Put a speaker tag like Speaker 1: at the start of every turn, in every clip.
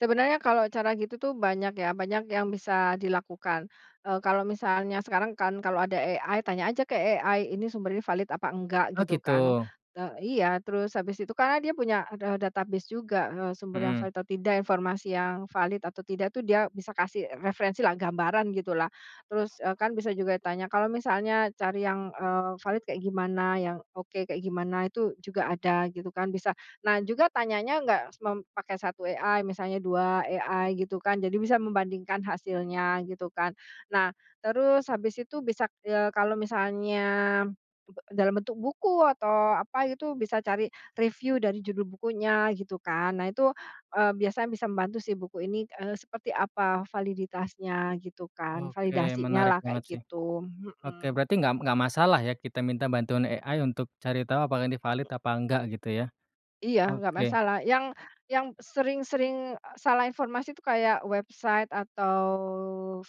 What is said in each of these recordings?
Speaker 1: Sebenarnya kalau cara gitu tuh banyak ya, banyak yang bisa dilakukan, eee, kalau misalnya sekarang kan kalau ada AI, tanya aja ke AI, "Ini sumbernya valid apa enggak?"
Speaker 2: Oh,
Speaker 1: Gitu kan,
Speaker 2: gitu?
Speaker 1: te iya, terus habis itu karena dia punya, eee, ada database juga, eee, sumber yang
Speaker 2: Mhm.
Speaker 1: valid atau tidak, informasi yang valid atau tidak tuh dia bisa kasih referensilah, gambaran, gitulah. Terus, eee, kan bisa juga tanya, "Kalau misalnya cari yang, eee, valid kayak gimana? Yang oke kayak gimana?" Itu juga ada, gitu kan, bisa. Nah juga tanyanya nggak semem pakai 1 AI, misalnya 2 AI gitu kan, jadi bisa membandingkan hasilnya, gitu kan. Nah, terus habis itu bisa, eee, kalau misalnya be dalam bentuk buku atau apa gitu, bisa cari reviu dari judul bukunya, gitu kan. Nah itu, eee, biasanya bisa membantu sih buku ini, eee, seperti apa validitasnya, gitu kan,
Speaker 2: Oke,
Speaker 1: validasinya
Speaker 2: menarik
Speaker 1: lah
Speaker 2: banget
Speaker 1: kayak
Speaker 2: sih.
Speaker 1: gitu.
Speaker 2: Oke,
Speaker 1: Mhm.
Speaker 2: berarti nggak nggak masalah ya kita minta bantuan AI untuk cari tahu apakah ini valid apa enggak, gitu ya?
Speaker 1: Iya, nggak
Speaker 2: Oke.
Speaker 1: masalah, yang yang sering sering salah informasi itu kayak, website atau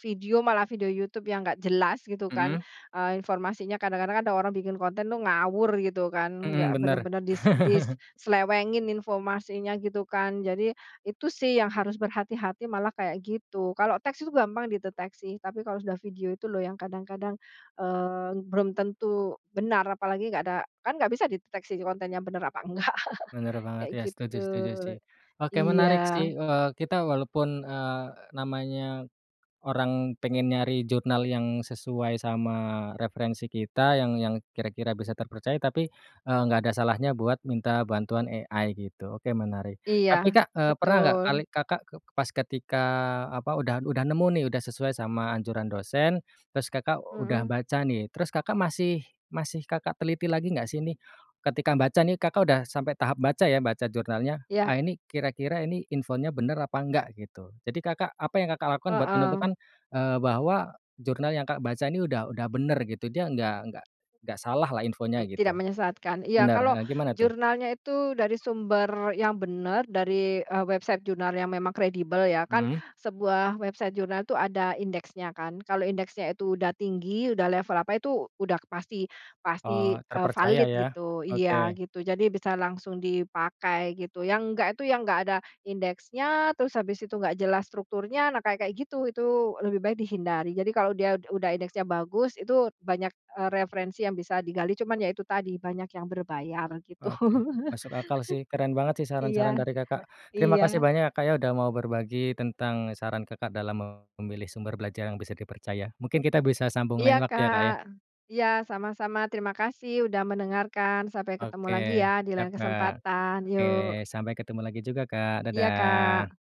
Speaker 1: video, malah video YouTube yang nggak jelas gitu kan,
Speaker 2: Mhm.
Speaker 1: eee, informasinya. Kadang-kadang ada orang bikin konten tuh ngawur gitu kan,
Speaker 2: Mhm,
Speaker 1: nggak
Speaker 2: bener.
Speaker 1: bener-bener dis diselewengin informasinya, gitu kan. Jadi, itu sih yang harus berhati-hati malah kayak gitu. Kalau teks itu gampang dideteksi, tapi kalau sudah video itu loh yang kadang-kadang, eee, belum tentu benar, apalagi nggak ada kan nggak bisa dideteksi kontennya benar apa nggak.
Speaker 2: Bener banget
Speaker 1: Kayak
Speaker 2: ya,
Speaker 1: gitu,
Speaker 2: setuju setuju sih. Oke, menarik
Speaker 1: iya.
Speaker 2: sih, eee, kita walaupun, eee, namanya orang pengen nyari jurnal yang sesuai sama referensi kita, yang yang kira-kira bisa terpercaya tapi, eee, nggak ada salahnya buat minta bantuan AI gitu, oke, menarik.
Speaker 1: Iya,
Speaker 2: Tapi Kak, eee, pernah enggak
Speaker 1: betul.
Speaker 2: kali Kakak ke pas ketika, apa, udah udah nemu nih udah sesuai sama anjuran dosen, terus Kakak udah
Speaker 1: Mhm.
Speaker 2: baca nih, terus Kakak masih masih Kakak teliti lagi nggak sih ini, ketika baca nih Kakak udah sampai tahap baca ya, baca jurnalnya.
Speaker 1: Iya.
Speaker 2: Ah, ini kira-kira ini infonya bener apa nggak, gitu? Jadi Kakak apa yang Kakak lakukan buat
Speaker 1: Heeh.
Speaker 2: menentukan, eee, bahwa jurnal yang Kakak baca ini udah udah bener gitu? Dia nggak nggak nggak salah lah infonya,
Speaker 1: Tidak
Speaker 2: gitu?
Speaker 1: menyesatkan? Iya,
Speaker 2: Bener,
Speaker 1: kalau
Speaker 2: heeh, gimana tuh?
Speaker 1: jurnalnya itu dari sumber yang benar dari, eee, website jurnal yang memang kredibel ya. Kan
Speaker 2: Mhm.
Speaker 1: sebuah website jurnal itu ada indeksnya kan, kalau indeksnya itu udah tinggi, udah level apa itu, udah pasti pasti,
Speaker 2: Oh,
Speaker 1: eee,
Speaker 2: terpercaya
Speaker 1: valid,
Speaker 2: ya?
Speaker 1: gitu. Iya,
Speaker 2: Oke.
Speaker 1: gitu, jadi bisa langsung dipakai gitu. Yang enggak itu yang enggak ada indeksnya, terus habis itu enggak jelas strukturnya, nah kayak kayak gitu, itu lebih baik dihindari. Jadi kalau dia ud udah indeksnya bagus itu banyak, eee, referensi yang bisa digali, cuman ya itu tadi banyak yang berbayar, gitu.
Speaker 2: Oke, masuk akal sih, keren banget sih saran-saran
Speaker 1: Iya,
Speaker 2: dari Kakak. Terima kasih
Speaker 1: iya.
Speaker 2: banyak ya, Kak, ya, udah mau berbagi tentang saran Kakak dalam memilih sumber belajar yang bisa dipercaya. Mungkin kita bisa sambung
Speaker 1: Iya,
Speaker 2: lain waktu ya, Kak,
Speaker 1: Kak.
Speaker 2: ya.
Speaker 1: Iya, sama-sama. Terima kasih udah mendengarkan. Sampai ketemu
Speaker 2: Oke,
Speaker 1: lagi ya di
Speaker 2: siap,
Speaker 1: lain
Speaker 2: Kak.
Speaker 1: kesempatan,
Speaker 2: Oke,
Speaker 1: yuk.
Speaker 2: sampai ketemu lagi juga, Kak.
Speaker 1: Iya,
Speaker 2: Dadah.
Speaker 1: Kak.